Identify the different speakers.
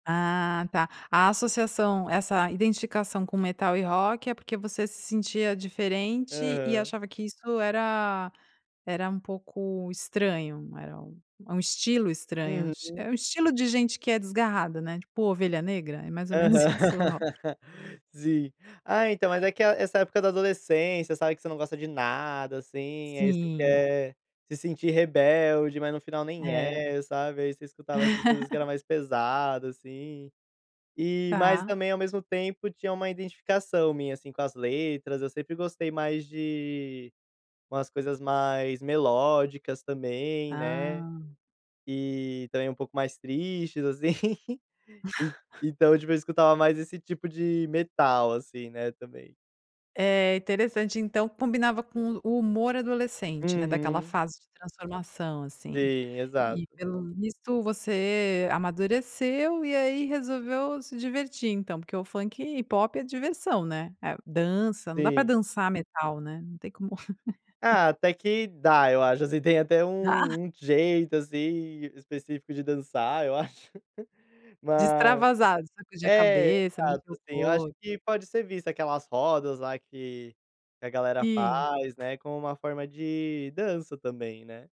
Speaker 1: Ah tá, a associação, essa identificação com metal e rock é porque você se sentia diferente e
Speaker 2: Aham.
Speaker 1: achava que isso era era um pouco estranho, era um um estilo estranho,
Speaker 2: Uhum.
Speaker 1: é um estilo de gente que é desgarrada, né, tipo ovelha negra, é mais
Speaker 2: Aham.
Speaker 1: ou menos isso o rock.
Speaker 2: Sim, ah, então mas é que essa época da adolescência sabe que você não gosta de nada, assim, aí você
Speaker 1: Sim.
Speaker 2: quer se sentir rebelde, mas no final nem
Speaker 1: É.
Speaker 2: é, sabe, aí você escutava essas coisas que era mais pesada, assim. E, mas
Speaker 1: Tá.
Speaker 2: também, ao mesmo tempo, tinha uma identificação minha, assim, com as letras, eu sempre gostei mais de umas coisas mais melódicas também, né,
Speaker 1: Hã.
Speaker 2: e também um pouco mais tristes assim, então, tipo eu escutava mais esse tipo de metal, assim, né, também.
Speaker 1: É interessante, então combinava com o o humor adolescente, né, daquela
Speaker 2: Uhum.
Speaker 1: fase de transformação, assim,
Speaker 2: Sim,
Speaker 1: e
Speaker 2: exato.
Speaker 1: pelo visto você amadureceu e aí resolveu se divertir então, porque o funk e pop é diversão, diversão, né, dança, não dá para
Speaker 2: Sim.
Speaker 1: dançar metal, né, não tem como
Speaker 2: Ah, até que dá, eu acho assim, tem até
Speaker 1: Ah.
Speaker 2: um um jeito assim específico de dançar, eu acho.
Speaker 1: De
Speaker 2: Mas
Speaker 1: extravasar, de sacudir a
Speaker 2: é,
Speaker 1: cabeça,
Speaker 2: exato,
Speaker 1: mexer o
Speaker 2: assim eu acho
Speaker 1: corpo.
Speaker 2: que pode ser vista aquelas rodas lá que que a galera
Speaker 1: Sim.
Speaker 2: faz, né, como uma forma de dança também, né.